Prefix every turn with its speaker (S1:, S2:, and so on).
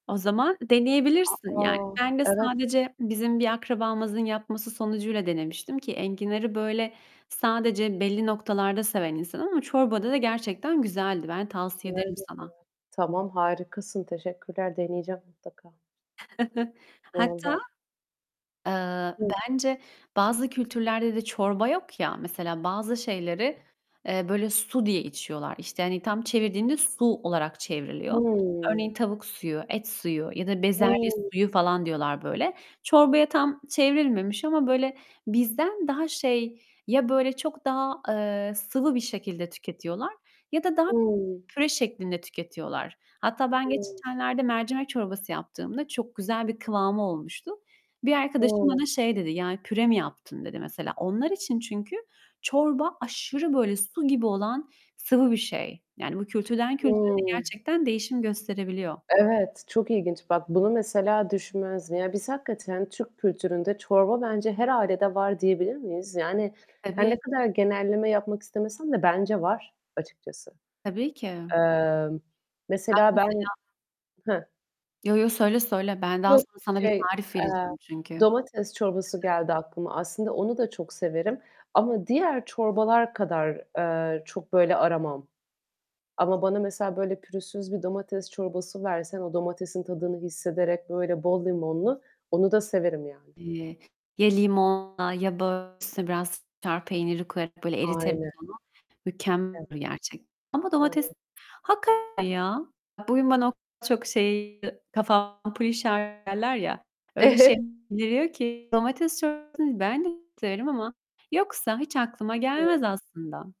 S1: O zaman
S2: A,
S1: deneyebilirsin. Yani,
S2: a,
S1: ben de
S2: evet.
S1: sadece bizim bir akrabamızın yapması sonucuyla denemiştim ki enginarı böyle sadece belli noktalarda seven insanım ama çorbada da gerçekten güzeldi. Ben tavsiye ederim sana.
S2: [unintelligible] Tamam, harikasın. Teşekkürler. Deneyeceğim mutlaka. Valla.
S1: Hatta, eee,
S2: Hı.
S1: bence bazı kültürlerde de çorba yok ya. Mesela bazı şeyleri, eee, böyle su diye içiyorlar. İşte, hani tam çevirdiğinde su olarak çevriliyor.
S2: Hımm.
S1: Örneğin tavuk suyu, et suyu ya da bezelye
S2: Hı.
S1: suyu falan diyorlar böyle. Çorbaya tam çevrilmemiş ama, böyle bizden daha şey, ya böyle çok daha, eee, sıvı bir şekilde tüketiyorlar ya da daha
S2: Imm.
S1: püre şeklinde tüketiyorlar. Hatta ben
S2: Hı.
S1: geçenlerde mercimek çorbası yaptığımda çok güzel bir kıvamı olmuştu. Bir arkadaşım
S2: Hı.
S1: bana şey dedi, "Yani püre mi yaptın?" dedi mesela. Onlar için çünkü çorba aşırı böyle su gibi olan sıvı bir şey. Yani bu kültürden kültüre de
S2: Hı.
S1: gerçekten değişim gösterebiliyor.
S2: Evet, çok ilginç. Bak bunu mesela düşünmezdim. Ya, biz hakikaten Türk kültüründe çorba bence her ailede var diyebilir miyiz? Yani, her ne
S1: Tabii.
S2: kadar genelleme yapmak istemesem de bence var açıkçası.
S1: Tabii ki.
S2: Eee,
S1: Bak
S2: mesela ben
S1: mesela
S2: he.
S1: Yo yo, söyle söyle. Ben daha
S2: Yok,
S1: sonra sana bir
S2: şey,
S1: tarif
S2: eee,
S1: vereceğim çünkü.
S2: domates çorbası geldi aklıma. Aslında onu da çok severim ama diğer çorbalar kadar, eee, çok böyle aramam ama bana mesela böyle pürüzsüz bir domates çorbası versen, o domatesin tadını hissederek böyle bol limonlu onu da severim yani.
S1: Eee, ya limonla ya da üstüne biraz [unintelligible] peyniri koyarak, böyle eriterek
S2: Aynen.
S1: onu, mükemmel
S2: Ev
S1: olur gerçekten Ama domates
S2: [unintelligible]
S1: hakikaten ya. Bugün bana o kadar çok şey kafa ampulü [unintelligible] derler ya, öyle şeyler geliyor ki. Domates çorbasını ben de severim ama yoksa hiç aklıma
S2: Evet.
S1: gelmez aslında.